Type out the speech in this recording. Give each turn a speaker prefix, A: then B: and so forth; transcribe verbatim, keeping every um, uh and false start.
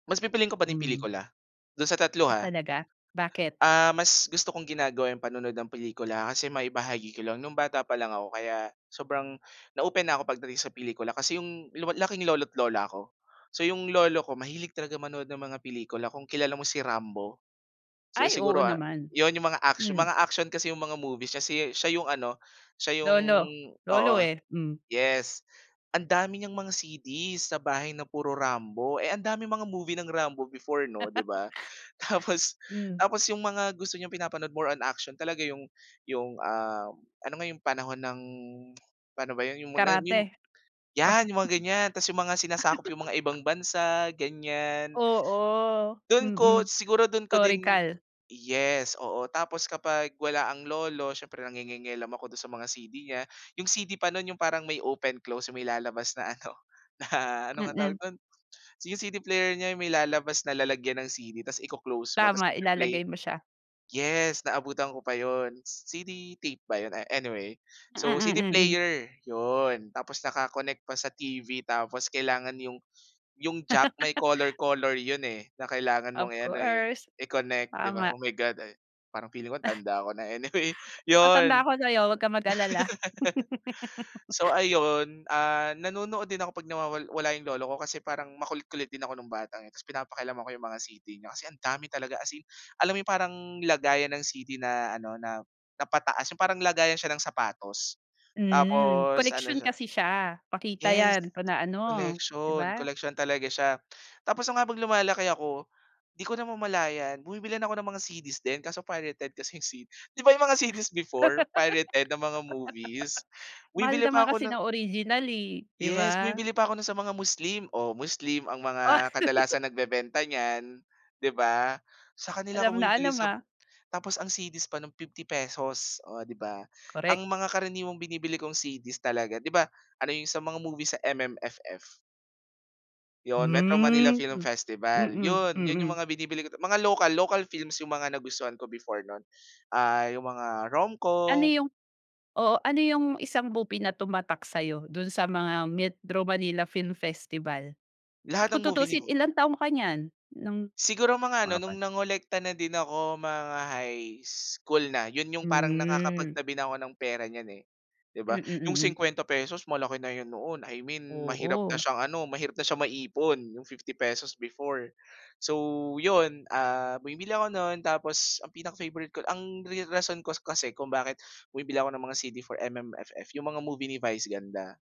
A: Mas pipiliin ko pa din
B: Hmm.
A: pelikula, do'n sa tatlo
B: Ah,
A: ha.
B: talaga bakit?
A: Ah, mas gusto kong ginagawa yung panonood ng pelikula kasi maibahagi ko lang, nung bata pa lang ako kaya sobrang na-open na ako pagdating sa pelikula kasi yung lu laking lolo't lola ko. So yung lolo ko mahilig talaga manood ng mga pelikula kung kilala mo si Rambo? Si
B: Ay, oo
A: siguro, ah,
B: naman.
A: yun yung mga,
B: Hmm.
A: mga action kasi yung mga movies si siya yung ano, siya yung
B: Lolo,
A: oo.
B: lolo, eh. Hmm.
A: Yes, ang dami niyang mga CD's sa bahay na puro Rambo, eh, ang daming mga movie ng Rambo before 'no, 'di ba? Tapos
B: Hmm.
A: tapos yung mga gusto niyang pinapanood more on action talaga yung yung, ah, ano nga yung panahon ng paano ba yun, yung mo na, ah, mim
B: Karate.
A: yan yung mga ganyan ta's yung mga sinasakop yung mga ibang bansa ganyan.
B: Oo.
A: Do'n ko
B: Mm.
A: siguro do'n ko din
B: Historical.
A: yes, oo. Tapos kapag wala ang lolo siyempre nangingielam ako do'n sa mga C-D niya, yung C-D pa no'n yung parang may open close yung may lalabas na ano na ano ngang tawag
B: Mm.
A: do'n? Yung C-D player niya may lalabas na lalagyan ng C-D ta's iko-close mo tas
B: Tama,
A: magpe-play.
B: ilalagay mo siya.
A: Yes, naabutan ko pa yun, C-D tape ba yun, a anyway.
B: Mm,
A: So,
B: mm,
A: C-D
B: mm.
A: player yun, tapos naka-connect pa sa T-V tapos kailangan yung yung jack may color color yun, eh, na kailangan mong
B: Of
A: i-ano, eh,
B: course,
A: i-connect 'di ba?
B: tama.
A: Oh, my God, ay, parang feeling ko ang tanda ko na anyway,
B: Mas matanda
A: yun.
B: ako sa 'yo, wag kang mag-alala.
A: So ayun, ah, nanonood din ako pag nawawal wala yung lolo ko kasi parang makulit-kulit din ako nung bata, eh, tas pinapakialaman ko yung mga C-D niya. Kasi ang dami talaga as in alam yung parang lagayan ng C-D na ano na, na pataas yung parang lagayan siya ng sapatos.
B: Hmm.
A: Tapos ano
B: Koleksyon
A: siya
B: kasi siya, pakita
A: Yes,
B: yan pa na ano 'di
A: collection,
B: ba?
A: collection talaga siya. Tapos nung habang lumalaki ako di ko namamalayan bumibili na ako ng mga CD's din kaso pirated kasi yung C 'di ba yung mga CD's before pirated na mga movies,
B: Mahal
A: bumibili
B: naman
A: pa ako
B: kasi
A: ng
B: ng original, eh, 'di
A: Yes,
B: ba?
A: bumibili pa ako no'n sa mga Muslim, oh, Muslim ang
B: Oh.
A: mga kadalasan nagbebenta niyan, 'di ba? Sa kanila
B: Alam
A: ako
B: na
A: bumibili
B: alam,
A: sa
B: ah.
A: tapos ang CD's pa no'n fifty pesos oh, 'di ba?
B: Correct.
A: Ang mga karaniwang binibili kong CD's talaga 'di ba, ano yung sa mga movie sa M-M-F-F. Yun, Metro Manila
B: Hmm.
A: Film Festival
B: Mm.
A: yun, yun yung
B: Mm.
A: mga binibili ko ta mga local, local films yung mga nagustuhan ko before non, ah, yung mga
B: Ano
A: RomCom.
B: yung oo, ano yung isang movie na tumatak sa 'yo do'n sa mga Metro Manila Film Festival?
A: Lahat ng
B: Kung
A: movie ni
B: tutuusin
A: Vu
B: ilang taon ka niyan ng
A: Siguro mga ano
B: mga
A: nung
B: pan
A: nangolekta na din ako, mga high school na, yun yung parang nakakapag
B: Hmm.
A: tabi na ako ng pera niyan, eh, 'di
B: Mm.
A: ba? Yung
B: Mm.
A: singkwenta pesos malaki na yun noon, I mean mahirap na
B: Oo.
A: siyang ano, mahirap na siyang maipon yung fifty pesos before. So yun, ah, bumibili ako no'n tapos ang pinaka-favorite ko ang ri rason ko kas kasi kung bakit bumibili ako ng mga C-D for M-M-F-F yung mga movie ni Vice Ganda.